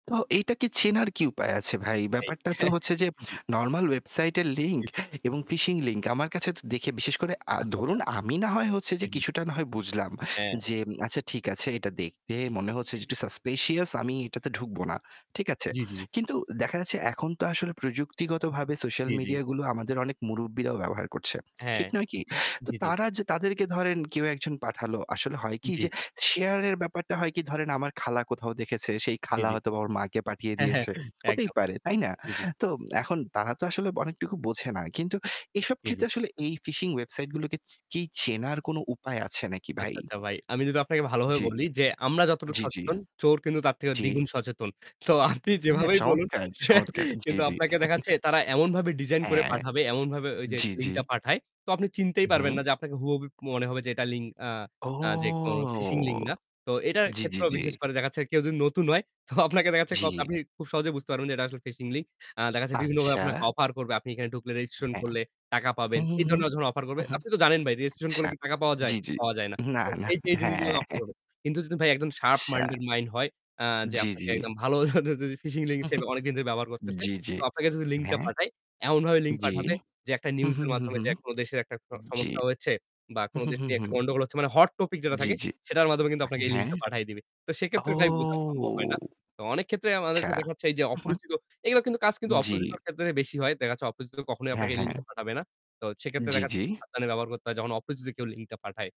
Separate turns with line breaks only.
তো এইটাকে চেনার কি উপায় আছে ভাই?
ভাই,
ব্যাপারটা তো হচ্ছে যে
জি, জি।
normal website এর
জি,
link
জি।
এবং phishing link আমার কাছেতো দেখে বিশেষ করে, আ
আচ্ছা, আচ্ছা।
ধরুন আমি না হয় হচ্ছে
জি,
যে
জি।
কিছুটা না হয় বুঝলাম,
হ্যাঁ।
যে আচ্ছা ঠিক আছে এটা দেখতে মনে হচ্ছে
জি,
যে
জি।
একটু suspicious আমি এটাতে ঢুকবো না। ঠিক আছে।
জি, জি।
কিন্তু দেখা যাচ্ছে এখন তো আসলে প্রযুক্তিগতভাবে social
জি, জি।
media গুলো আমাদের অনেক মুরুব্বিরাও ব্যবহার করছে।
হ্যাঁ।
ঠিক নয় কি? তো
জি, জি।
তারা যে তাদেরকে ধরেন কেউ একজন পাঠালো আসলে হয় কি
জি,
যে
জি।
share এর ব্যাপারটা হয় কি ধরেন আমার খালা কোথাও দেখেছে সেই
জি,
খালা
জি।
হয়তোবা ওর মাকে পাঠিয়ে
হ্যাঁ, হ্যাঁ,
দিয়েছে। হতেই
একদম।
পারে তাই না?
জি, জি।
তো এখন তারা তো আসলে অনেকটুকু বোঝে না। কিন্তু এসব
জি, জি।
ক্ষেত্রে আসলে এই phishing websiteগুলোকে চ কি চেনার কোন উপায় আছে নাকি ভাই?
আচ্ছা, আচ্ছা ভাই। আমি যদি আপনাকে ভালোভাবে
জি।
বলি যে আমরা যতটুকু
জি, জি।
সচেতন চোর কিন্তু তার থেকে
জি।
দ্বিগুণ সচেতন। তো আপনি
হ্যাঁ
যেভাবেই বলুন
চমৎকার, চমৎকার। জি,
কিন্তু
জি।
আপনাকে দেখা যাচ্ছে তারা এমনভাবে ডিজাইন করে
হ্যাঁ।
পাঠাবে, এমনভাবে ওই যে
জি, জি।
লিংকটা পাঠায়, তো আপনি চিনতেই পারবেন
হুম।
না যে আপনাকে হুবহু মনে হবে যে এটা লিংক, আ
ও!
আ যে কোনো ফিশিং লিংক না। তো এটার
জি, জি,
ক্ষেত্রেও
জি।
বিশেষ করে দেখা যাচ্ছে কেউ যদি নতুন হয় তো আপনাকে দেখা যাচ্ছে
জি।
আপনি খুব সহজে বুঝতে পারবেন যে এটা আসলে ফিশিং লিংক। আ দেখা যাচ্ছে বিভিন্নভাবে আপনাকে
আচ্ছা।
অফার করবে। আপনি এখানে ঢুকলে, রেজিস্ট্রেশন
হ্যাঁ।
করলে টাকা পাবেন
হুম, হুম,
এই
হুম।
ধরনের যখন অফার
উ
করবে,
হুম।
আপনি তো জানেন ভাই রেজিস্ট্রেশন
আচ্ছা।
করলে কি টাকা পাওয়া যায়?
জি, জি।
পাওয়া যায় না।
না,
তো
না।
এই যে এই জিনিসগুলো
হ্যাঁ।
অফার করবে। কিন্তু যদি ভাই একদম শার্প
আচ্ছা।
মাইন্ডেড মাইন্ড হয়, আ যে
জি, জি।
আপনাকে একদম ভালো [unintelligible] ফিশিং লিংক সে অনেকদিন ধরে ব্যবহার করতেছে।
জি, জি।
তো আপনাকে যদি লিংকটা
হ্যাঁ।
পাঠায়, এমনভাবে লিংক
জি।
পাঠাবে যে একটা
হুম,
নিউজের
হুম, হুম,
মাধ্যমে
হুম।
যে কোনো দেশের একটা স
জি।
সমস্যা হয়েছে বা কোনো
হুম,
দেশ
হুম,
নিয়ে একটা
হুম।
গন্ডগোল হচ্ছে মানে হট টপিক যেটা
জি,
থাকে
জি।
সেটার মাধ্যমে কিন্তু আপনাকে এই
হ্যাঁ।
লিংকটা পাঠায় দিবে। তো সেক্ষেত্রে
ও!
ভাই বোঝা সম্ভব হয় না। তো অনেক ক্ষেত্রেই
আচ্ছা।
আমাদেরকে দেখা যাচ্ছে এই যে
উ হুম।
অপরিচিত, এগুলা কিন্তু কাজ কিন্তু
জি।
অপরিচিতের ক্ষেত্রে বেশি হয়। দেখা যাচ্ছে অপরিচিত কখনোই
হ্যাঁ,
আপনাকে এই
হ্যাঁ।
লিংকটা পাঠাবে না। তো সেক্ষেত্রে
জি,
দেখা যাচ্ছে
জি।
সাবধানে ব্যবহার করতে হয় যখন অপরিচিত কেউ লিংকটা পাঠায়।